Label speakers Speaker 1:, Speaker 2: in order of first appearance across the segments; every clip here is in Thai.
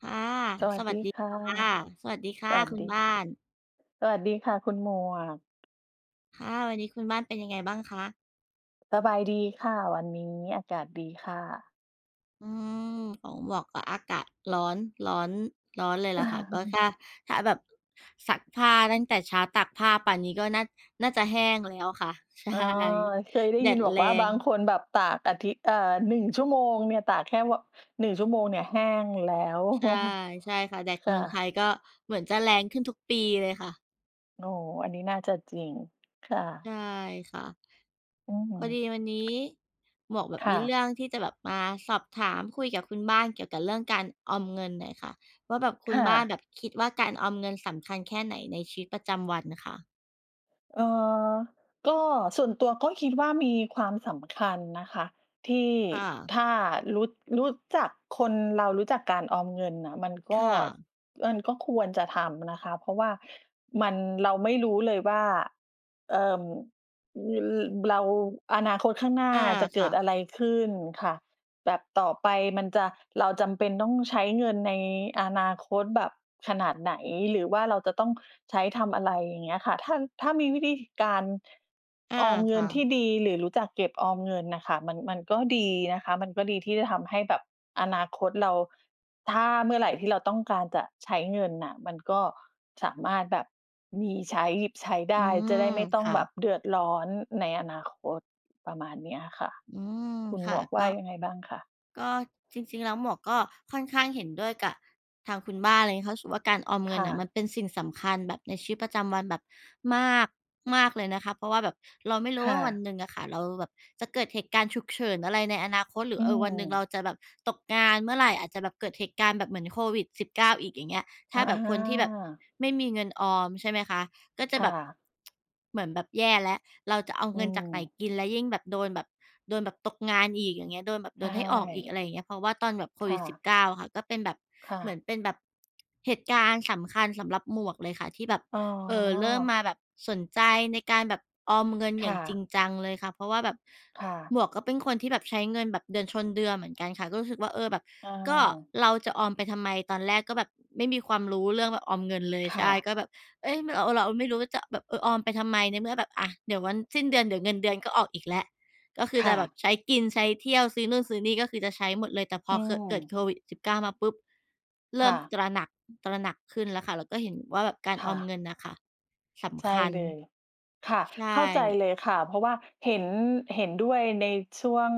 Speaker 1: ค่ะ
Speaker 2: สว
Speaker 1: ส
Speaker 2: ัสด
Speaker 1: วั
Speaker 2: ี
Speaker 1: สดี
Speaker 2: ค่ะ
Speaker 1: ค่ะ สวัสดีค่
Speaker 2: ส
Speaker 1: ะ
Speaker 2: วัส
Speaker 1: คุ
Speaker 2: ดี
Speaker 1: ณบ้าน
Speaker 2: สวัสดีค่ะ คุณหมวก
Speaker 1: ค่ะ วันนี้คุณบ้านเป็นยังไงบ้างคะ?
Speaker 2: สบายดีค่ะ วันนี้อากาศดีค่ะ
Speaker 1: อืม ของหมวกก็อากาศร้อน ร้อน ร้อนเลยล่ะค่ะ ก็ถ้า ถ้าแบบ ซักผ้าตั้งแต่เช้า ตากผ้าป่านนี้ก็น่า น่าจะแห้งแล้วค่ะ ใช่
Speaker 2: อ๋อ เคยได้
Speaker 1: แด
Speaker 2: ยิน
Speaker 1: ด
Speaker 2: บอก
Speaker 1: แร
Speaker 2: ว่า บา
Speaker 1: ง
Speaker 2: งคนแบบตากอาทิตย์ เอ่อ 1 ชั่วโมงเนี่ย ตากแค่ ว 1 ชั่วโมงเนี่ยแห้งแล้ว
Speaker 1: ใช่ ใช่ค่ะ แดด
Speaker 2: ค
Speaker 1: เ
Speaker 2: ่
Speaker 1: มื
Speaker 2: ะ
Speaker 1: องไทยก็เหมือนจะแรงขึ้นทุกปีเลยค่ะ
Speaker 2: โอ้ อันนี้น่าจะจริง ค่ะ
Speaker 1: ใช่ค่ะ
Speaker 2: อื้อฮ
Speaker 1: พ
Speaker 2: ื
Speaker 1: อ
Speaker 2: อ
Speaker 1: ดีวันนี้หมวกแบบ
Speaker 2: ค
Speaker 1: ม
Speaker 2: ่
Speaker 1: ีเร
Speaker 2: ะ
Speaker 1: ื่องที่จะแบบมาสอบถาม คุยกับคุณบ้านเกี่ยวกับเรื่องการออมเงินหน่อยค่ะว่า แบบคุ
Speaker 2: ค
Speaker 1: ณ
Speaker 2: ่
Speaker 1: บ้านแบ
Speaker 2: ะ
Speaker 1: บคิดว่า การออมเงินสำคัญแค่ไหนในชีวิตประจำวันคะ?
Speaker 2: เอ่อ ก็ส่วนตัวก็คิดว่า มีความสำคัญนะคะ ที่
Speaker 1: ค่ะ
Speaker 2: ถ้ารู้ รู้จัก คนเรารู้จักการออมเงินน่ะ มันก
Speaker 1: ค
Speaker 2: ็
Speaker 1: ่ะ
Speaker 2: มันก็ควรจะทำนะคะ เพราะว่ามัน เราไม่รู้เลยว่า เอ่อ อือ เบลา อนาคตข้างหน้า
Speaker 1: อา
Speaker 2: จะเ
Speaker 1: ค
Speaker 2: ก
Speaker 1: ่
Speaker 2: ิด
Speaker 1: ะ
Speaker 2: อะไรขึ้นค่ะ แบบต่อไปมันจะ เราจำเป็นต้องใช้เงินในอนาคตแบบขนาดไหน หรือว่าเราจะต้องใช้ทำ อะไรอย่างเงี้ยค่ะ ถ้า ถ้ามีวิธี ท การ
Speaker 1: อา
Speaker 2: ออมเง
Speaker 1: ค
Speaker 2: ิ
Speaker 1: ่
Speaker 2: นท
Speaker 1: ะ
Speaker 2: ี่ดี หรือรู้จักเก็บออมเงินน่ะค่ะ มัน มันก็ดีนะคะ มันก็ดีที่จะทำให้แบบอนาคตเรา ถ้าเมื่อไหร่ที่เราต้องการจะใช้เงินน่ะ มันก็สามารถแบบ มีใช้ หยิบใช้ได
Speaker 1: อื
Speaker 2: ้ จะ
Speaker 1: ม
Speaker 2: ได้ไม่ต้อ
Speaker 1: ค
Speaker 2: ง
Speaker 1: ่
Speaker 2: แบ
Speaker 1: ะ
Speaker 2: บ เดือดร้อนในอนาคต ประมาณเนี้ยอะค่ะ
Speaker 1: อืม
Speaker 2: คุณ
Speaker 1: ค
Speaker 2: หม
Speaker 1: ่ะ
Speaker 2: วกว
Speaker 1: ก
Speaker 2: ่า
Speaker 1: ็
Speaker 2: ยังไงบ้างคะ?
Speaker 1: ก็จริง ๆ แล้วหมวกก็ค่อนข้างเห็นด้วยกะ ทางคุณบ้านเลย เพราะ ส ว่า การออมเง
Speaker 2: ค
Speaker 1: ิน
Speaker 2: ่
Speaker 1: น่ะมั
Speaker 2: ะ
Speaker 1: นเป็นสิ่งสำคัญแบบในชีวิตประจำวันแบบมาก มากเลยนะคะ เพราะว่าแบบเราไม่รู
Speaker 2: ค
Speaker 1: ้ว
Speaker 2: ่
Speaker 1: ่า วัน
Speaker 2: ะ
Speaker 1: หนึ่งอะค่ะ เราแบบจะเกิดเหตุการณ์ฉุกเฉินอะไรในอนาคต หรื
Speaker 2: อ
Speaker 1: อ
Speaker 2: ื
Speaker 1: เออ วันหนึ่งเ
Speaker 2: ม
Speaker 1: ราจะแบบตกงานเมื่อไหร่ อาจจะแบบเกิดเหตุการณ์แบบเหมือน COVID-19 อีกอย่างเงี้ย ถ
Speaker 2: อ
Speaker 1: ้
Speaker 2: ะ
Speaker 1: า
Speaker 2: อ
Speaker 1: แบบ
Speaker 2: า
Speaker 1: คนที่แบบไม่มีเงินออม ใช่ไหมคะ ก็จ
Speaker 2: ค
Speaker 1: ะ
Speaker 2: ่
Speaker 1: แบบ
Speaker 2: ะ
Speaker 1: เหมือนแบบแย่แล้ว "เราจะเอา
Speaker 2: อื
Speaker 1: เงินจากไหน
Speaker 2: ม
Speaker 1: กิน?" แล้วยิ่งแบบโดนแบบ โดนแบบตกงานอีก อย่างเงี้ย โดนแบบ โ
Speaker 2: ใช
Speaker 1: ดนให้ออกอีก อ
Speaker 2: ่
Speaker 1: ะไรอย่างเงี้ย เพราะว่าตอนแบบ
Speaker 2: ค่ะ
Speaker 1: COVID-19 อะค่ะ ก็เป็นแบบ
Speaker 2: ค่
Speaker 1: เหมื
Speaker 2: ะ
Speaker 1: อนเป็นแบบ เหตุการณ์สำคัญสำหรับหมวกเลยค่ะ ที่แบบ
Speaker 2: อ๋อ
Speaker 1: เอ่อ เริ่มมาแบบสนใจในการแบบออมเงินอ
Speaker 2: ค
Speaker 1: ย่
Speaker 2: ่
Speaker 1: างจริ
Speaker 2: ะ
Speaker 1: งจังเลยค่ะ เพราะว่าแบบ
Speaker 2: ค่ะ
Speaker 1: หมวกก็เป็นคนที่แบบใช้เงินแบบเดือนชนเดือนเหมือนกันค่ะ ก็รู้สึกว่า เออ แบบ
Speaker 2: อ
Speaker 1: "ก็
Speaker 2: า
Speaker 1: เราจะออมไปทำไม?" ตอนแรกก็แบบไม่มีความรู้เรื่องแบบออมเงินเลย
Speaker 2: ค
Speaker 1: ใ
Speaker 2: ่
Speaker 1: ช่
Speaker 2: ะ
Speaker 1: ก็แบบ เอ๊ย ม เรา เราไม่รู้ว่าจะแบบ เออ ออมไปทำไม ในเมื่อแบบ อะ เดี๋ยววันสิ้นเดือน เดี๋ยวเงินเดือนก็ออกอีกแล้ว ก็คือ
Speaker 2: ค
Speaker 1: จ
Speaker 2: ่
Speaker 1: ะแบ
Speaker 2: ะ
Speaker 1: บใช้กิน ใช้เที่ยว ซื้อนู่นซื้อนี่ ก็คือจะใช้หมดเลย แต่พ
Speaker 2: อ
Speaker 1: อ
Speaker 2: ื
Speaker 1: ค เกิด
Speaker 2: ม
Speaker 1: COVID-19 มาปุ๊บ เริ
Speaker 2: ค
Speaker 1: ่
Speaker 2: ่
Speaker 1: ม
Speaker 2: ะ
Speaker 1: ตระหนัก ตระหนักขึ้นแล้วค่ะ แล้วก็เห็นว่าแบบการ
Speaker 2: ค
Speaker 1: อ
Speaker 2: ่
Speaker 1: อม
Speaker 2: ะ
Speaker 1: เงินน่ะค่ะ ส
Speaker 2: ใช
Speaker 1: ำค
Speaker 2: ่
Speaker 1: ัญ
Speaker 2: เลย ค่ะ
Speaker 1: ใช
Speaker 2: เข้าใจ
Speaker 1: ่
Speaker 2: เลยค่ะ เพราะว่าเห็น เห็นด้วยในช่วง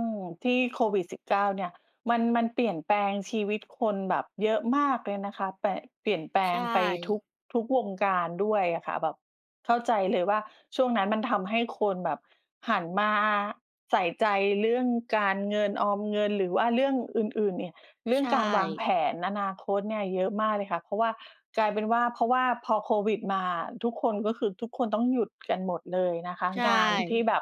Speaker 2: ที่ COVID-19 เนี่ย มัน มันเปลี่ยนแปลงชีวิตคนแบบเยอะมากเลยนะคะ ป เปลี่ยนแปล
Speaker 1: ใช
Speaker 2: งไปทุ
Speaker 1: ่
Speaker 2: ก ทุกวงการด้วยอะค่ะ แบบ เข้าใจเลยว่า ช่วงนั้นมันทำให้คนแบบหันมาใส่ใจเรื่องการเงินออมเงิน หรือว่าเรื่องอื่น ๆ เนี่ย เรื่
Speaker 1: ใ
Speaker 2: อ
Speaker 1: ช
Speaker 2: งการวา
Speaker 1: ่
Speaker 2: งแผนอนาคตเนี่ยเยอะมากเลยค่ะ เพราะว่า กลายเป็นว่า เพราะว่าพอโควิดมาทุกคนก็คือ ทุกคนต้องหยุดกันหมดเลยนะคะ
Speaker 1: ใช
Speaker 2: งานที่
Speaker 1: ่
Speaker 2: แบบ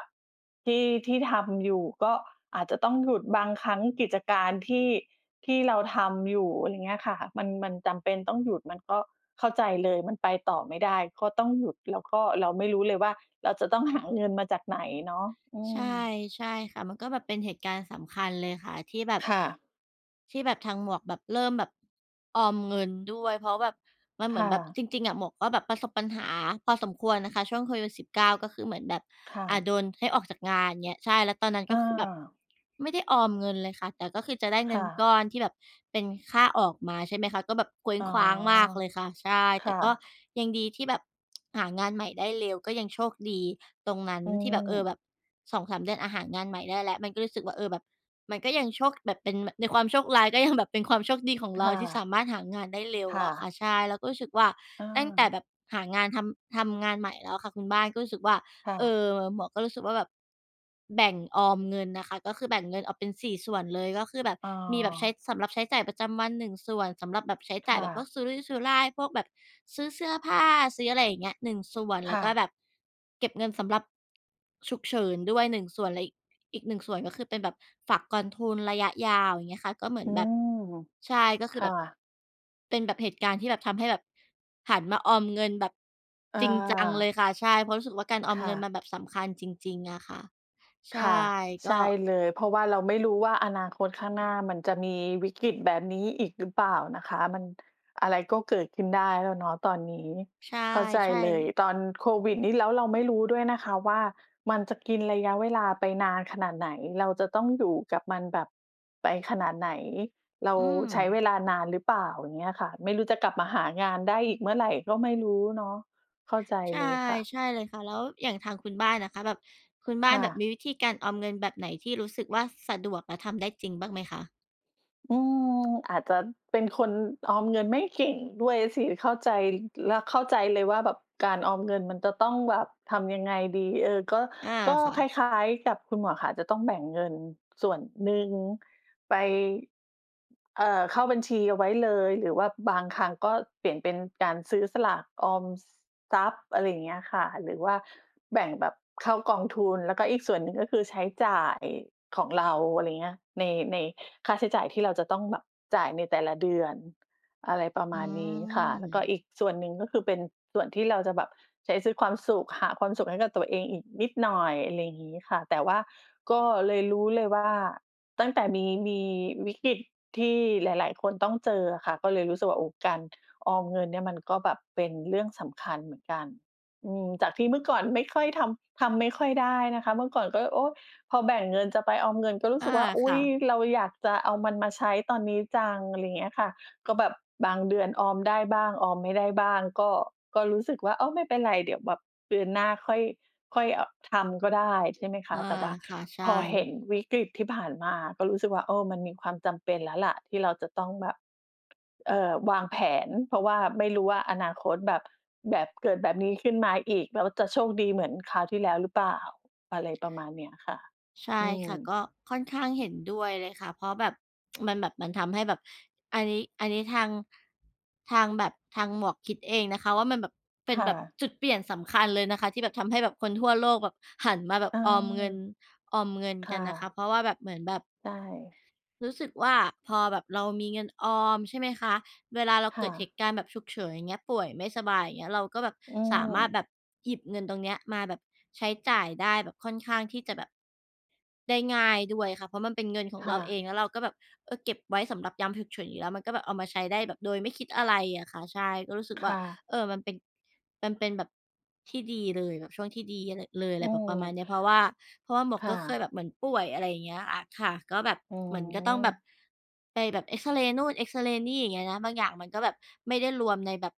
Speaker 2: ที่ ที่ทำอยู่ก็อาจจะต้องหยุด บางครั้งกิจการที่ ที่เราทำอยู่ อะไรเงี้ยค่ะ มัน มันจำเป็นต้องหยุด มันก็เข้าใจเลย มันไปต่อไม่ได้ก็ต้องหยุด แล้วก็เราไม่รู้เลยว่า เราจะต้องหาเงินมาจากไหนเนาะ อื
Speaker 1: ใช
Speaker 2: ม
Speaker 1: ่ ๆ ค่ะ มันก็แบบเป็นเหตุการณ์สำคัญเลยค่ะ ที่แบบ
Speaker 2: ค่ะ
Speaker 1: ที่แบบทางหมวกแบบ เริ่มแบบ ออมเงินด้วย เพราะแบบ มันเ
Speaker 2: ค
Speaker 1: หมือ
Speaker 2: ่
Speaker 1: นแบบ
Speaker 2: ะ
Speaker 1: จริง ๆ อะ หมวกก็แบบประสบปัญหาพอสมควรนะคะ ช่วง COVID-19 ก็คือเหมือนแบบ
Speaker 2: ค่
Speaker 1: อ่
Speaker 2: ะ
Speaker 1: า โดนให้ออกจากงานเงี้ย ใช่ แล้วตอนนั้นก็คือแบบ
Speaker 2: เออ
Speaker 1: ไม่ได้ออมเงินเลยค่ะ แต่ก็คือจะได้เ
Speaker 2: ค
Speaker 1: งิ
Speaker 2: ่
Speaker 1: นก
Speaker 2: ะ
Speaker 1: ้อนที่แบบเป็นค่าออกมา ใช่ไหมคะ ก็แบบเคว้
Speaker 2: อ
Speaker 1: ง
Speaker 2: ๋อ
Speaker 1: ขว้างมากเลยค่ะ ใช่
Speaker 2: ค
Speaker 1: แต
Speaker 2: ่
Speaker 1: ่ก็
Speaker 2: ะ
Speaker 1: ยังดีที่แบบ หางานใหม่ได้เร็ว ก็ยังโชคดีตรงนั้น
Speaker 2: อื
Speaker 1: ที่แบบ เออ
Speaker 2: ม
Speaker 1: แบบ 2-3 เดือน อะ หางานใหม่ได้แล้ว มันก็รู้สึกว่า เออ แบบ มันก็ยังโชคแบบ เป็น บ ในความโชคร้าย ก็ยังแบบเป็นความโชคดีของ
Speaker 2: ค
Speaker 1: เรา
Speaker 2: ่
Speaker 1: ที่ส
Speaker 2: ะ
Speaker 1: ามารถหางานได้เร็ว
Speaker 2: ค่
Speaker 1: อะค่
Speaker 2: ะ
Speaker 1: ะ ใช่ เราก็รู้สึกว่า
Speaker 2: เ
Speaker 1: ตั้งแต่
Speaker 2: ออ
Speaker 1: แบบหางานทำ ทำงานใหม่แล้วอะค่ะคุณบ้าน ก็รู้สึกว่า
Speaker 2: ค่
Speaker 1: เอ
Speaker 2: ะ
Speaker 1: อ หมวกก็รู้สึกว่าแบบ แบ่งออมเงินน่ะค่ะ ก็คือแบ่งเงินออกเป็น 4 ส่วนเลย ก็คือแบบ
Speaker 2: อ
Speaker 1: มีแบบใช้
Speaker 2: า
Speaker 1: สำหรับใช้จ่ายประจำวัน 1 ส่วน สำหรับแบบใช้
Speaker 2: ค
Speaker 1: จ่าย
Speaker 2: ่
Speaker 1: แบบพว
Speaker 2: ะ
Speaker 1: กสุรุ่ยสุร่าย พวกแบบซื้อเสื้อผ้า ซื้ออะไรอย่างเงี้ย 1 ส่วน
Speaker 2: ค
Speaker 1: แล้
Speaker 2: ่
Speaker 1: วก็
Speaker 2: ะ
Speaker 1: แบบ เก็บเงินสำหรับ ฉุกเฉินด้วย 1 ส่วน และอีก อีก 1 ส่วน ก็คือเป็นแบบฝากกองทุนระยะยาว อย่างเงี้ยค่ะ ก็เหมื
Speaker 2: อ
Speaker 1: อ
Speaker 2: ื
Speaker 1: นแบบ
Speaker 2: ม
Speaker 1: ใช่ ก็ค
Speaker 2: ค
Speaker 1: ือ
Speaker 2: ่
Speaker 1: แบบ
Speaker 2: ะ
Speaker 1: เป็นแบบเหตุการณ์ที่แบบ ทำให้แบบ หันมาออมเงินแบบ
Speaker 2: อ
Speaker 1: จริงจังเล
Speaker 2: า
Speaker 1: ยค่ะ ใช่ เพราะรู้สึกว่าการออ
Speaker 2: ค
Speaker 1: ม
Speaker 2: ่
Speaker 1: เงินมั
Speaker 2: ะ
Speaker 1: นแบบสำคัญจริง ๆ อะค่ะ ใ
Speaker 2: ค
Speaker 1: ช่
Speaker 2: ่ะ
Speaker 1: ก
Speaker 2: ใช
Speaker 1: ็
Speaker 2: ่เลย เพราะว่าเราไม่รู้ว่า อนาคตข้างหน้ามันจะมีวิกฤตแบบนี้อีกหรือเปล่านะคะ มัน อะไรก็เกิดขึ้นได้แล้วเนาะตอนนี้
Speaker 1: ใช
Speaker 2: เข้าใจ
Speaker 1: ่
Speaker 2: เลย
Speaker 1: ๆ
Speaker 2: ตอนโควิดนี่ แล้วเราไม่รู้ด้วยนะคะว่า มันจะกินระยะเวลาไปนานขนาดไหน เราจะต้องอยู่กับมันแบบ ไปขนาดไหน เรา
Speaker 1: อื
Speaker 2: ใช้เว
Speaker 1: ม
Speaker 2: ลานานหรือเปล่า? อย่างเงี้ยค่ะ ไม่รู้จะกลับมาหางานได้อีกเมื่อไหร่ก็ไม่รู้เนาะ เข้าใจ
Speaker 1: ใช่
Speaker 2: เลยค่ะ
Speaker 1: ใช่เลยค่ะ แล้วอย่างทางคุณบ้านอะค่ะ แบบ คุณบ
Speaker 2: ค
Speaker 1: ้าน
Speaker 2: ่
Speaker 1: แบบม
Speaker 2: ะ
Speaker 1: ีวิธีการออมเงินแบบไหนที่รู้สึกว่าสะดวก และทำได้จริงบ้างไหมคะ?
Speaker 2: อืม อาจจะเป็นคนออมเงินไม่เก่งด้วยสิ เข้าใจ แล้วเข้าใจเลยว่าแบบการออมเงินมันจะต้องแบบทำยังไงดี เออ ก็
Speaker 1: อา
Speaker 2: ก็
Speaker 1: ค่
Speaker 2: คล
Speaker 1: ะ
Speaker 2: ้าย ๆ กับคุณหมวกค่ะ จะต้องแบ่งเงินส่วนหนึ่ง ไป เอ่อ เข้าบัญชีเอาไว้เลย หรือว่าบางครั้งก็เปลี่ยนเป็นการซื้อสลากออมทรัพย์ อะไรอย่างเงี้ยค่ะ หรือว่าแบ่งแบบเข้ากองทุน แล้วก็อีกส่วนหนึ่ง ก็คือใช้จ่ายของเราอะไรเงี้ย ใน ในค่าใช้จ่ายที่เราจะต้องแบบจ่ายในแต่ละเดือน อะไรประม
Speaker 1: อื
Speaker 2: าณนี้ค่ะ แล้วก็
Speaker 1: ม
Speaker 2: อีกส่วนหนึ่ง ก็คือเป็น ส่วนที่เราจะแบบใช้ซื้อความสุข หาความสุขให้กับตัวเองอีกนิดหน่อยอะไรงี้ค่ะ แต่ว่าก็เลยรู้เลยว่า ตั้งแต่มี มีวิกฤตที่หลาย ๆ คนต้องเจออะค่ะ ก็เลยรู้สึกว่า โอ้ การออมเงินเนี่ยมันก็แบบเป็นเรื่องสำคัญเหมือนกัน อืม จากที่เมื่อก่อนไม่ค่อยทำ ทำไม่ค่อยได้นะคะ เมื่อก่อนก็ โอ้ พอแบ่งเงินจะไปออมเงินก็รู้
Speaker 1: อ
Speaker 2: ส
Speaker 1: า
Speaker 2: ึกว่า อุ
Speaker 1: ค
Speaker 2: ๊
Speaker 1: ่
Speaker 2: ย
Speaker 1: ะ
Speaker 2: เราอยากจะเอามันมาใช้ตอนนี้จังอะไรเงี้ยค่ะ ก็แบบบางเดือนออมได้บ้าง ออมไม่ได้บ้าง ก็ ก็รู้สึกว่า อ้าว ไม่เป็นไรเดี๋ยวแบบเดือนหน้าค่อย ค่อย อ ทำก็ได้ใช่ไหมค
Speaker 1: อ
Speaker 2: ะ?
Speaker 1: า
Speaker 2: แต่ว่า
Speaker 1: ค่ะ ใช
Speaker 2: พ
Speaker 1: ่
Speaker 2: อเห็นวิกฤตที่ผ่านมา ก็รู้สึกว่า เออ มันมีความจำเป็นแล้วล่ะที่เราจะต้องแบบ เอ่อ วางแผน เพราะว่าไม่รู้ว่าอนาคตแบบ แบบเกิดแบบนี้ขึ้นมาอีก แล้วจะโชคดีเหมือนคราวที่แล้วหรือเปล่า อะไรประมาณเนี้ยค่ะ
Speaker 1: ใช
Speaker 2: อ
Speaker 1: ่
Speaker 2: ื
Speaker 1: ค
Speaker 2: ม
Speaker 1: ่ะ ก็ค่อนข้างเห็นด้วยเลยค่ะ เพราะแบบ มันแบบ มันทำให้แบบ อันนี้ อันนี้ทาง ทางแบบ ทางหมวกคิดเองนะคะว่า มันแบบเป็
Speaker 2: ค
Speaker 1: น
Speaker 2: ่
Speaker 1: แบบ
Speaker 2: ะ
Speaker 1: จุดเปลี่ยนสำคัญเลยนะคะที่แบบ ทำให้แบบคนทั่วโลกแบบหันมาแบบออมเงิน ออมเงิน
Speaker 2: ค
Speaker 1: ก
Speaker 2: ่
Speaker 1: ันนะคะ
Speaker 2: ะ
Speaker 1: เพราะว่าแบบ เหมือนแบบ
Speaker 2: ใช่
Speaker 1: รู้สึกว่าพอแบบเรามีเงินออมใช่ไหมคะ เวลาเรา
Speaker 2: ค
Speaker 1: เก
Speaker 2: ่
Speaker 1: ิดเห
Speaker 2: ะ
Speaker 1: ตุการณ์แบบฉุกเฉินอย่างเงี้ย ป่วยไม่สบายอย่างเงี้ย เราก็แบบ
Speaker 2: อื
Speaker 1: สามารถ
Speaker 2: ม
Speaker 1: แบบหยิบเงินตรงเนี้ยมาแบบใช้จ่ายได้แบบค่อนข้างที่จะแบบได้ง่ายด้วยค่ะ เพราะมันเป็นเงินของ
Speaker 2: ค
Speaker 1: เ
Speaker 2: ่
Speaker 1: ราเอ
Speaker 2: ะ
Speaker 1: งแล้วเราก็แบบ เออ เก็บไว้สำหรับยามฉุกเฉินอยู่แล้วมันก็แบบเอามาใช้ได้แบบโดยไม่คิดอะไรอะค่ะ ใช่ก็รู้สึก
Speaker 2: ค
Speaker 1: ว่า
Speaker 2: ่ะ
Speaker 1: เออ มันเป็น มันเป็นแบบ ที่ดีเลยแบบช่วงที่ดีเลย อะ
Speaker 2: อ
Speaker 1: ไ
Speaker 2: ื
Speaker 1: รแบบประมาณ
Speaker 2: ม
Speaker 1: นี้เพราะว่า เพราะว่าหมวก
Speaker 2: ค่
Speaker 1: ก็เคย
Speaker 2: ะ
Speaker 1: แบบเหมือนป่วยอะไรอย่างเงี้ยอะค่ะ ก็แบบ
Speaker 2: อ๋
Speaker 1: เหมือนก็ต้องแบบ
Speaker 2: อ
Speaker 1: ไปแบบเอกซเรย์ นู่นเอกซเรย์นี่อย่างเงี้ยนะ บางอย่างมันก็แบบไม่ได้รวมในแบบ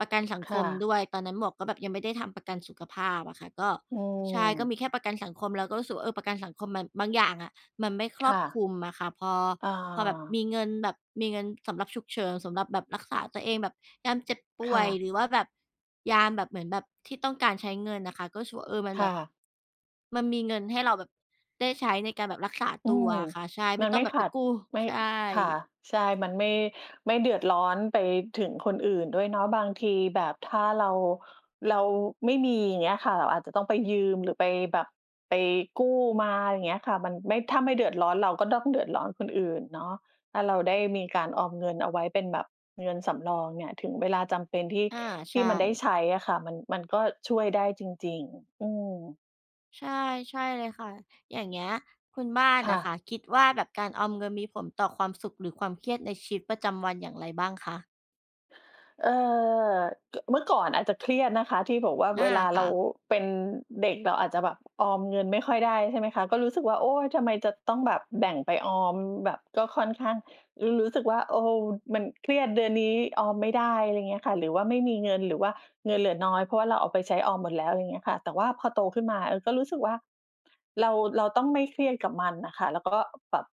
Speaker 1: ประกันสัง
Speaker 2: ค
Speaker 1: ค
Speaker 2: ่
Speaker 1: ม
Speaker 2: ะ
Speaker 1: ด้วย ตอนนั้นหมวกก็แบบยังไม่ได้ทำประกันสุขภาพอะค่ะ ก็
Speaker 2: อื
Speaker 1: ใช่ก็
Speaker 2: ม
Speaker 1: มีแค่ประกันสังคมก็รู้สึกว่า เออ ประกันสังคมมัน บางอย่างอะ มันไม่ค
Speaker 2: ค
Speaker 1: รอ
Speaker 2: ่
Speaker 1: บ
Speaker 2: ะ
Speaker 1: คลุมอะค่ะ พอ
Speaker 2: อ่
Speaker 1: พอแบบ
Speaker 2: า
Speaker 1: มีเงินแบบ มีเงินสำหรับฉุกเฉิน สำหรับแบบรักษาตัวเองแบบยามเจ็บป่
Speaker 2: ค
Speaker 1: ว
Speaker 2: ่
Speaker 1: ย
Speaker 2: ะ
Speaker 1: หรือว่าแบบ ยามแบบ เหมือนแบบที่ต้องการใช้เงินน่ะค่ะ ก็รู้สึก เออ มัน
Speaker 2: ค
Speaker 1: แบ
Speaker 2: ่
Speaker 1: บ
Speaker 2: ะ
Speaker 1: มันมีเงินให้เราแบบได้ใช้ในการแบบรักษา
Speaker 2: อื
Speaker 1: ตัว
Speaker 2: ม
Speaker 1: อะค่ะ ใช่ ไ
Speaker 2: ม
Speaker 1: ม่
Speaker 2: ัน
Speaker 1: ต้
Speaker 2: ไ
Speaker 1: อ
Speaker 2: ม
Speaker 1: ง
Speaker 2: ่
Speaker 1: แบบ
Speaker 2: ข
Speaker 1: ไป
Speaker 2: าด
Speaker 1: กู้
Speaker 2: ไม่
Speaker 1: ใช
Speaker 2: ค่
Speaker 1: ่
Speaker 2: ะ ใช่ มันไม่ ไม่เดือดร้อนไปถึงคนอื่นด้วยเนาะ บางทีแบบถ้าเรา เราไม่มีอย่างเงี้ยค่ะ เราอาจจะต้องไปยืม หรือไปแบบ ไปกู้มาอะไรอย่างเงี้ยค่ะ มันไม่ ถ้าไม่เดือดร้อน เราก็ต้องเดือดร้อนคนอื่นเนาะ ถ้าเราได้มีการออมเงินเอาไว้เป็นแบบ เงินสำรองเนี่ย ถึงเวลาจำเป็นที่
Speaker 1: อา
Speaker 2: ท
Speaker 1: ใช
Speaker 2: ี่มันได้
Speaker 1: ่
Speaker 2: ใช้อะค่ะ มัน มันก็ช่วยได้จริง ๆ อืม
Speaker 1: ใช่ ใช่เลยค่ะ อย่างเงี้ย คุณบ้าน
Speaker 2: ค
Speaker 1: อ
Speaker 2: ่
Speaker 1: ะค
Speaker 2: ะ
Speaker 1: ่ะ คิดว่าแบบการออมเงินมีผลต่อความสุข หรือความเครียดในชีวิตประจำวันอย่างไรบ้างคะ?
Speaker 2: เอ่อ ก เมื่อก่อนอาจจะเครียดนะคะที่บอกว่า
Speaker 1: อา
Speaker 2: เวลา
Speaker 1: ค
Speaker 2: เร
Speaker 1: ่
Speaker 2: า
Speaker 1: ะ
Speaker 2: เป็นเด็กเราอาจจะแบบออมเงินไม่ค่อยได้ ใช่ไหมคะ? ก็รู้สึกว่า โอ๊ย ทำไมจะต้องแบบแบ่งไปออม แบบก็ค่อนข้าง รู รู้สึกว่า โอ้โฮ มันเครียด เดือนนี้ออมไม่ได้ อะไรเงี้ยค่ะ หรือว่าไม่มีเงิน หรือว่าเงินเหลือน้อย เพราะว่าเราเอาไปใช้ออมหมดแล้ว อะไรเงี้ยค่ะ แต่ว่าพอโตขึ้นมา เออ ก็รู้สึกว่า เรา เราต้องไม่เครียดกับมันน่ะค่ะ แล้วก็แบบ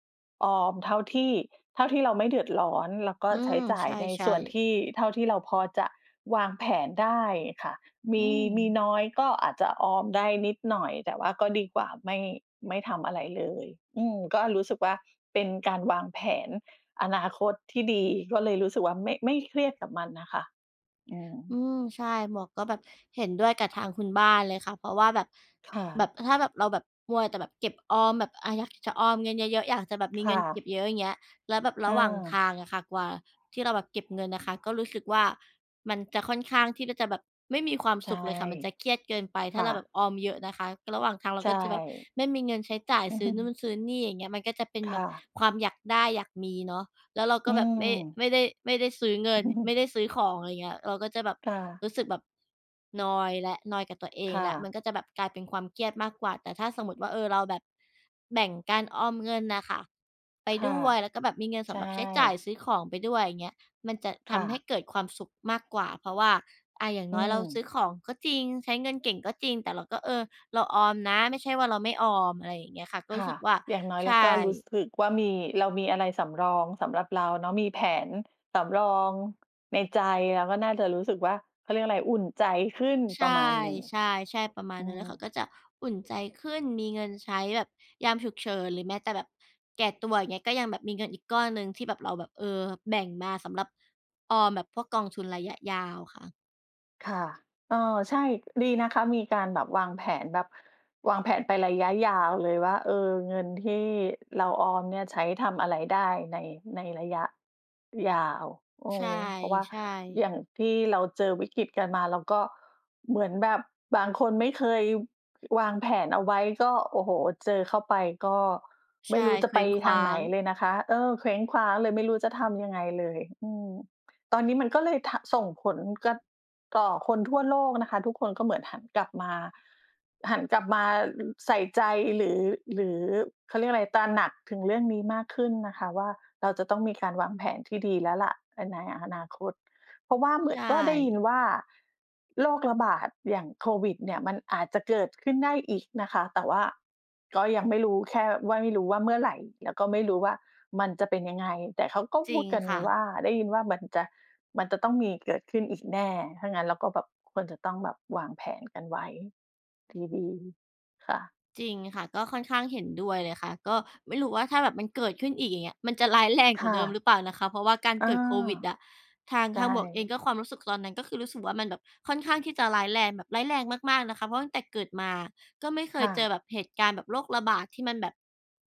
Speaker 2: ออมเท่าที่ เท่าที่เราไม่เดือดร้อน แล้วก็
Speaker 1: อื
Speaker 2: ใช้
Speaker 1: ม
Speaker 2: จ่า
Speaker 1: ใ
Speaker 2: ย
Speaker 1: ช
Speaker 2: ในส
Speaker 1: ่
Speaker 2: ่วน
Speaker 1: ๆ
Speaker 2: ที่ เท่าที่เราพอจะวางแผนได้ค่ะ ม
Speaker 1: อื
Speaker 2: ี มี
Speaker 1: ม
Speaker 2: น้อยก็อาจจะออมได้นิดหน่อย แต่ว่าก็ดีกว่าไม่ ไม่ทำอะไรเลย อืม ก็รู้สึกว่า เป็นการวางแผนอนาคตที่ดี ก็เลยรู้สึกว่า ไม่ ไม่เครียดกับมันน่ะค่ะ อืม
Speaker 1: อืม ใช่ หมวกก็แบบเห็นด้วยกับทางคุณบ้านเลยค่ะ เพราะว่าแบบ
Speaker 2: ค่
Speaker 1: แบ
Speaker 2: ะ
Speaker 1: บ ถ้าแบบ เราแบบมัวแต่แบบเก็บออมแบบ อะ อยากจะออมเงินเยอะ ๆ อยากจะแบบมี
Speaker 2: ค
Speaker 1: เง
Speaker 2: ่
Speaker 1: ินเก็
Speaker 2: ะ
Speaker 1: บเยอะ อย่างเงี้ย แล้วแบบร
Speaker 2: อ
Speaker 1: ะหว่างท
Speaker 2: า
Speaker 1: างอะค่ะ กว่าที่เราแบบเก็บเงินอะค่ะ ก็รู้สึกว่า มันจะค่อนข้างที่ก็จะแบบไม่มีความ
Speaker 2: ใช
Speaker 1: ส
Speaker 2: ่
Speaker 1: ุขเลยค่ะ มันจะเครียดเกินไป
Speaker 2: ค
Speaker 1: ถ้
Speaker 2: ่
Speaker 1: า
Speaker 2: ะ
Speaker 1: เราแบบออมเยอะนะคะ ระหว่างทางเรา
Speaker 2: ใช
Speaker 1: ก็จะแบบ
Speaker 2: ่
Speaker 1: ไม่มีเงินใช้จ่าย ซื้อนู่น ซื้อนี่ อย่างเงี้ย มันก็จะเป็น
Speaker 2: ค
Speaker 1: แบ
Speaker 2: ่
Speaker 1: บ
Speaker 2: ะ
Speaker 1: ความอยากได้อยากมีเนาะ แล้วเรา
Speaker 2: อ
Speaker 1: ก
Speaker 2: ื
Speaker 1: ็แบบไม่
Speaker 2: ม
Speaker 1: ไม่ได้ ไม่ได้ซื้อเงิน ไม่ได้ซื้อของ อะไรเงี้ย เราก็จะแบบ
Speaker 2: ค่ะ
Speaker 1: รู้สึกแบบนอยแล้ว นอยกับตัวเอ
Speaker 2: ค
Speaker 1: ง
Speaker 2: ่
Speaker 1: แล้ว
Speaker 2: ะ
Speaker 1: มันก็จะแบบกลายเป็นความเครียดมากกว่า แต่ถ้าสมมุติว่า เออ เราแบบแบ่งการออมเงินน่ะค่ะไป
Speaker 2: ค่
Speaker 1: ด
Speaker 2: ะ
Speaker 1: ้วย แล้วก็แบบมีเงิน
Speaker 2: ใ
Speaker 1: ส
Speaker 2: ช
Speaker 1: ำหรับใช้จ่าย
Speaker 2: ่
Speaker 1: ซื้อของไปด้วย อย่างเงี้ย มันจะท
Speaker 2: ค่
Speaker 1: ำใ
Speaker 2: ะ
Speaker 1: ห้เกิดความสุขมากกว่า เพราะว่า อ่า อย่าง
Speaker 2: อื
Speaker 1: น้อยเรา
Speaker 2: ม
Speaker 1: ซื้อของก็จริง ใช้เงินเก่งก็จริง แต่เราก็ เออ เราออมนะ ไม่ใช่ว่าเราไม่ออม อะไรอย่างเงี้ยค่ะ ก็
Speaker 2: ค
Speaker 1: รู
Speaker 2: ่
Speaker 1: ้
Speaker 2: ะ
Speaker 1: สึกว่า
Speaker 2: อย่างน้อย
Speaker 1: ใ
Speaker 2: เ
Speaker 1: ช
Speaker 2: ราก็รู้
Speaker 1: ่
Speaker 2: สึกว่ามี เรามีอะไรสำรองสำหรับเราเนาะ มีแผนสำรองในใจ เราก็น่าจะรู้สึกว่า เขาเรียกอะไร อุ่นใจขึ้น
Speaker 1: ใช
Speaker 2: ประมาณหนึ่ง
Speaker 1: ่ ๆ ๆ ประมา
Speaker 2: อ
Speaker 1: ณ
Speaker 2: ื
Speaker 1: นั้นเลยค่ะ
Speaker 2: ม
Speaker 1: ก็จะอุ่นใจขึ้น มีเงินใช้แบบยามฉุกเฉิน หรือแม้แต่แบบแก่ตัว อย่างเงี้ย ก็ยังแบบมีเงินอีกก้อนหนึ่งที่แบบเราแบบ เออ แบ่งมาสำหรับออมแบบพวกกองทุนระยะยาวค่ะ
Speaker 2: ค่ะ เออ ใช่ ดีนะคะมีการแบบวางแผน แบบวางแผนไประยะยาวเลยว่า เออ เงินที่เราออมเนี่ย ใช้ทำอะไรได้ใน ในระยะยาว โอ้
Speaker 1: ใช่
Speaker 2: เพราะว่า
Speaker 1: ใช
Speaker 2: อย่า
Speaker 1: ่
Speaker 2: งที่เราเจอวิกฤตกันมา เราก็เหมือนแบบบางคนไม่เคย วางแผนเอาไว้ก็ โอ้โฮ เจอเข้าไป ก็ไ
Speaker 1: ใ
Speaker 2: ม
Speaker 1: ช
Speaker 2: ่
Speaker 1: ่
Speaker 2: รู้จะ
Speaker 1: เค
Speaker 2: ไ
Speaker 1: ว
Speaker 2: ป
Speaker 1: ้งค
Speaker 2: ท
Speaker 1: ว
Speaker 2: า
Speaker 1: ้
Speaker 2: ง
Speaker 1: า
Speaker 2: ไหน
Speaker 1: ง
Speaker 2: เลยนะคะ เออ เคว้งคว้างเลย ไม่รู้จะทำยังไงเลย อืม ตอนนี้มันก็เลย ท ส่งผล ก ต่อคนทั่วโลกนะคะ ทุกคนก็เหมือนหันกลับมา หันกลับมา อ ใส่ใจหรือ หรือ เขาเรียกว่าอะไร ตระหนักถึงเรื่องนี้มากขึ้นนะคะว่า เราจะต้องมีการวางแผนที่ดีแล้วแหละ เออ ในอนาคต เพราะว่าเหมื
Speaker 1: ใช
Speaker 2: อนก็ได้ยิน
Speaker 1: ่
Speaker 2: ว่าโรคระบาดอย่างโควิดเนี่ยมันอาจจะเกิดขึ้นได้อีกนะคะ แต่ว่าก็ยังไม่รู้ แค่ว่าไม่รู้ว่าเมื่อไหร่ แล้วก็ไม่รู้ว่ามันจะเป็นยังไง แต่เขาก็
Speaker 1: จ
Speaker 2: พ
Speaker 1: ร
Speaker 2: ู
Speaker 1: ิ
Speaker 2: ด
Speaker 1: ง
Speaker 2: กัน
Speaker 1: ค่ะ
Speaker 2: ว่า ได้ยินว่ามันจะ มันจะต้องมีเกิดขึ้นอีกแน่ ถ้างั้นเราก็แบบควรจะต้องแบบวางแผนกันไว้ดี ๆ ค่ะ
Speaker 1: จริงค่ะ ก็ค่อนข้างเห็นด้วยเลยค่ะ ก็ไม่รู้ว่าถ้าแบบมันเกิดขึ้นอีก อย่างเงี้ย มันจะ ร้ายแรง
Speaker 2: ค
Speaker 1: กว่
Speaker 2: ่
Speaker 1: าเดิม
Speaker 2: ะ
Speaker 1: หรือเปล่านะคะ เพราะว่าการ
Speaker 2: เออ
Speaker 1: เกิดโควิดอะ ทาง
Speaker 2: ใช
Speaker 1: ทางหมวกเอง
Speaker 2: ่
Speaker 1: ก็ ความรู้สึกตอนนั้น ก็คือรู้สึกว่า มันแบบค่อนข้างที่จะร้ายแรง แบบร้ายแรงมาก ๆ นะคะ เพราะตั้งแต่เกิดมาก็ไม่เค
Speaker 2: ค
Speaker 1: ย
Speaker 2: ่
Speaker 1: เจอ
Speaker 2: ะ
Speaker 1: แบบเหตุการณ์แบบโรคระบาดที่มันแบบ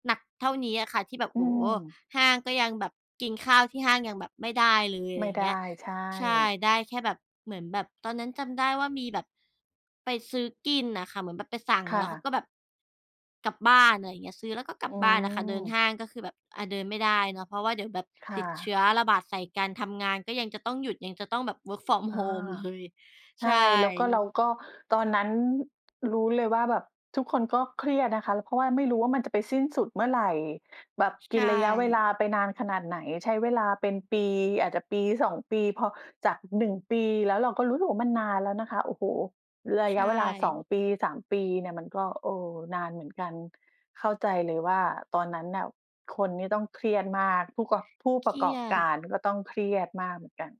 Speaker 1: หนักเท่านี้อะค่ะที่แบบ
Speaker 2: อื
Speaker 1: โอ้โฮ
Speaker 2: ม
Speaker 1: ห้างก็ยังแบบ กินข้าวที่ห้างยังแบบไม่ได้เลย อะ
Speaker 2: ไม
Speaker 1: ไรอ
Speaker 2: ่
Speaker 1: ย่า
Speaker 2: ไ
Speaker 1: ง
Speaker 2: ด
Speaker 1: เงี้
Speaker 2: ้
Speaker 1: ย
Speaker 2: ใช่
Speaker 1: ใช่ ได้แค่แบบ เหมือนแบบตอนนั้นจำได้ว่ามีแบบไปซื้อกินอะค่ะ เหมือนแบบไปสั่ง
Speaker 2: ค่
Speaker 1: แล้วเข
Speaker 2: ะ
Speaker 1: าก็แบบ กลับบ้าน ไรเงี้ย ซื้อแล้วก็กล
Speaker 2: อ
Speaker 1: ั
Speaker 2: ื
Speaker 1: บบ้านน่ะค่ะ เดินห
Speaker 2: ม
Speaker 1: ้างก็คือแบบ อ่า เดินไม่ได้เนาะ เพราะว่าเดี๋ยวแบบ
Speaker 2: ค่
Speaker 1: ติดเช
Speaker 2: ะ
Speaker 1: ื้อ ระบาดใส่กัน ทำงานก็ยังจะต้องหยุด ยังจะต้องแบบ work from
Speaker 2: อา
Speaker 1: home เลย
Speaker 2: ใช
Speaker 1: ใช
Speaker 2: ่ แล้วก็เร
Speaker 1: ่
Speaker 2: าก็ ตอนนั้นรู้เลยว่าแบบทุกคนก็เครียดนะคะ ล เพราะว่าไม่รู้ว่า มันจะไปสิ้นสุดเมื่อไหร่ แบบ
Speaker 1: ใช
Speaker 2: กินระยะเวล
Speaker 1: ่
Speaker 2: าไปนานขนาดไหน ใช้เวลาเป็นปี อาจจะ 1-2 ปี พอ จาก 1 ปี แล้วเราก็รู้สึกว่า มันนานแล้วนะคะ โอ้โฮ ระ
Speaker 1: ใช
Speaker 2: ยะเวลา สอ
Speaker 1: ่
Speaker 2: ง ปี 3 ปีเนี่ยมันก็ เออ นานเหมือนกัน เข้าใจเลยว่า ตอนนั้นน่ะ คนนี่ต้องเครียดมาก ผู้กอบ ผู้
Speaker 1: เ
Speaker 2: ป
Speaker 1: ค
Speaker 2: ระ
Speaker 1: รี
Speaker 2: กอ
Speaker 1: ย
Speaker 2: บก
Speaker 1: ด
Speaker 2: ารก็ต้องเครียดมากเหมือนกัน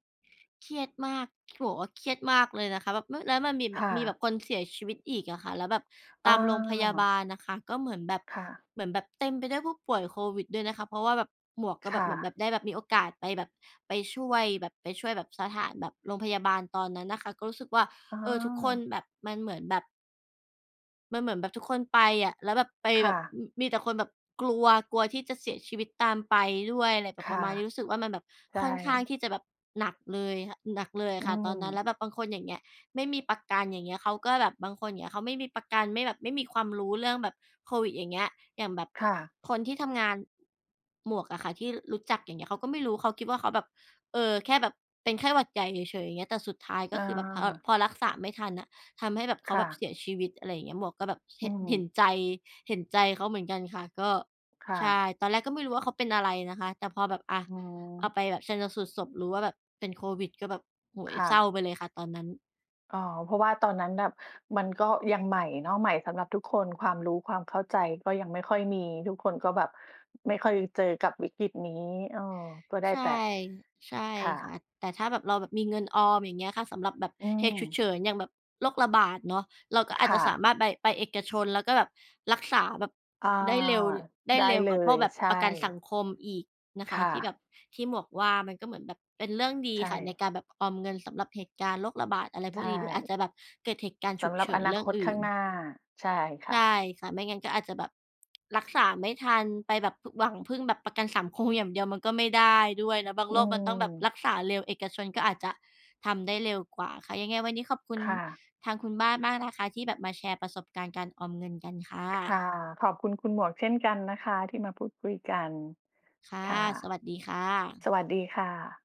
Speaker 1: เครียดมาก บอกว่าเครียดมากเลยนะคะ แบบ อ แล้วมันมีแ
Speaker 2: ค
Speaker 1: บบ
Speaker 2: ่
Speaker 1: มีแบ
Speaker 2: ะ
Speaker 1: บคนเสียชีวิตอีกอะค่ะ แล้วแบบ
Speaker 2: อ
Speaker 1: ตามโรงพยาบ
Speaker 2: า
Speaker 1: าลนะคะก็เหมือนแบบ
Speaker 2: ค่ะ
Speaker 1: เหมือนแบบเต็มไปด้วยผู้ป่วยโควิดด้วยนะคะ เพราะว่าแบบ หมวกก็
Speaker 2: ค
Speaker 1: แบ
Speaker 2: ่
Speaker 1: บ เหมือนแบ
Speaker 2: ะ
Speaker 1: บ ได้แบบมีโอกาสไปแบบ ไปช่วยแบบ ไปช่วยแบบ สถานแบบโรงพยาบาลตอนนั้นนะคะ ก็รู้สึกว่า
Speaker 2: อ๋
Speaker 1: เออ ทุกคน
Speaker 2: อ
Speaker 1: แบบ มันเหมือนแบบ มันเหมือนแบบทุกคนไปอะ แล้วแบบ ไป
Speaker 2: ค
Speaker 1: แ
Speaker 2: ่
Speaker 1: บบ
Speaker 2: ะ
Speaker 1: อ มีแต่คนแบบกลัว กลัวที่จะเสียชีวิตตามไปด้วย อะไรแบ
Speaker 2: ค
Speaker 1: บป
Speaker 2: ่
Speaker 1: ระ
Speaker 2: ะ
Speaker 1: มาณนี้ รู้สึกว่า มันแบบ
Speaker 2: ใช่
Speaker 1: ค่อนข้างที่จะแบบหนักเลย ค หนักเลย
Speaker 2: อ
Speaker 1: อ
Speaker 2: ื
Speaker 1: ะค่ะตอนนั้น
Speaker 2: ม
Speaker 1: แล้วแบบบางคนอย่างเงี้ย ไม่มีประกันอย่างเงี้ย เขาก็แบบ บางคนอย่างเงี้ย เขาไม่มีประกัน ไม่แบบ ไม่มีความรู้เรื่องแบบโควิดอย่างเงี้ย อย่างแบบ
Speaker 2: ค่ะ
Speaker 1: คนที่ทำงาน หมวกอะค่ะ ที่ ร รู้จัก อย่างเงี้ย เขาก็ไม่รู้ เขาคิดว่าเขาแบบ เอ่อ แค่แบบเป็นไข้หวัดใหญ่เฉย ๆ อย่างเงี้ย แต่สุดท้ายก
Speaker 2: อ
Speaker 1: ็คือแบบพอ
Speaker 2: า
Speaker 1: พอรักษาไม่ทันอะ ทำให้แบบ เข
Speaker 2: ค
Speaker 1: า
Speaker 2: ่
Speaker 1: แบบ
Speaker 2: ะ
Speaker 1: เสียชีวิต อะไรอย่างเงี้ย หมวกก็แบบ เ
Speaker 2: อ
Speaker 1: ห
Speaker 2: ื
Speaker 1: เห
Speaker 2: ม
Speaker 1: ็นใจ เห็นใจเขาเหมือนกันค่ะ ก็
Speaker 2: ค่
Speaker 1: ใ
Speaker 2: ะ
Speaker 1: ช่ ตอนแรกก็ไม่รู้ว่า เขาเป็นอะไรนะคะ แต่พอแบบ อา
Speaker 2: อ๋
Speaker 1: เอ
Speaker 2: อ
Speaker 1: าไปแบบชันสูตรศพ รู้ว่าแบบเป็นโควิดก็แบบ โอ้โฮ
Speaker 2: ค่
Speaker 1: เศร
Speaker 2: ะ
Speaker 1: ้าไปเลยค่ะตอนนั้น
Speaker 2: อ๋อ เพราะว่าตอนนั้นแบบ มันก็ยังใหม่เนาะ ใหม่สำหรับทุกคน ความรู้ความเข้าใจก็ยังไม่ค่อยมี ทุกคนก็แบบไม่ค่อยเจอกับวิกฤตนี้ เออ ก็ได้
Speaker 1: ใช่
Speaker 2: แต่
Speaker 1: ใช่
Speaker 2: ค่
Speaker 1: ค่
Speaker 2: ะ
Speaker 1: ะ แต่ถ้าแบบ เราแบบมีเงินออม อย่างเงี้ยค่ะ สำหรับแบบ
Speaker 2: อื
Speaker 1: เหตุฉุก
Speaker 2: ม
Speaker 1: เฉินอย่างแบบโรคระบาดเนาะ เราก็อ
Speaker 2: ค
Speaker 1: าจ
Speaker 2: ่
Speaker 1: จะสา
Speaker 2: ะ
Speaker 1: มารถไป ไปเอกชนแล้วก็แบบรักษาแบบ
Speaker 2: อา
Speaker 1: ได้เร็ว ได้
Speaker 2: ได้
Speaker 1: เร็ว
Speaker 2: เล
Speaker 1: กว่าพว
Speaker 2: ย
Speaker 1: กแบบ
Speaker 2: ใช
Speaker 1: ประกันส
Speaker 2: ่
Speaker 1: ังคมอีกนะค
Speaker 2: ค
Speaker 1: ะ
Speaker 2: ่
Speaker 1: ที่
Speaker 2: ะ
Speaker 1: แบบ ที่หมวกว่า มันก็เหมือนแบบเป็นเรื่องดี
Speaker 2: ใช
Speaker 1: ค่ะใน
Speaker 2: ่
Speaker 1: การแบบออมเงินสำหรับเหตุการณ์โรคระบาด อะไร
Speaker 2: ใ
Speaker 1: พ
Speaker 2: ช
Speaker 1: วกนี้ หรืออาจ
Speaker 2: ่
Speaker 1: จะแบบเกิดเหตุการณ์
Speaker 2: ส
Speaker 1: ฉุก
Speaker 2: ำหรั
Speaker 1: เ
Speaker 2: บ
Speaker 1: ฉิ
Speaker 2: อ
Speaker 1: น
Speaker 2: น
Speaker 1: เ
Speaker 2: า
Speaker 1: รื่
Speaker 2: ค
Speaker 1: อง
Speaker 2: ต
Speaker 1: อ
Speaker 2: ข
Speaker 1: ื
Speaker 2: ้
Speaker 1: ่
Speaker 2: าง
Speaker 1: น
Speaker 2: หน้า ใช่ค
Speaker 1: ใ
Speaker 2: ่
Speaker 1: ช่
Speaker 2: ะ
Speaker 1: ค่ะ ไม่งั้นก็อาจจะแบบ รักษา ไม่ทันไปแบบ พ หวังพึ่งแบบประกันสังคมอย่างเดียวมันก็ไม่ได้ด้วยนะ บาง
Speaker 2: อื
Speaker 1: โรคมันต้องแบบ
Speaker 2: ม
Speaker 1: รักษาเร็ว เอกชนก็อาจจะทำได้เร็วกว่าค่ะ ยังไงวันนี้ขอบคุณ
Speaker 2: ค่ะ
Speaker 1: ทางคุณบ้านมากนะคะที่แบบมาแชร์ประสบการณ์การออมเงินกันค่
Speaker 2: ค่
Speaker 1: ะ
Speaker 2: ะ ขอบคุณคุณหมวกเช่นกันนะคะ ที่มาพูดคุยกัน
Speaker 1: ค่ะ
Speaker 2: ค่ะ
Speaker 1: สวัสดีค่ะ
Speaker 2: สวัสดีค่ะ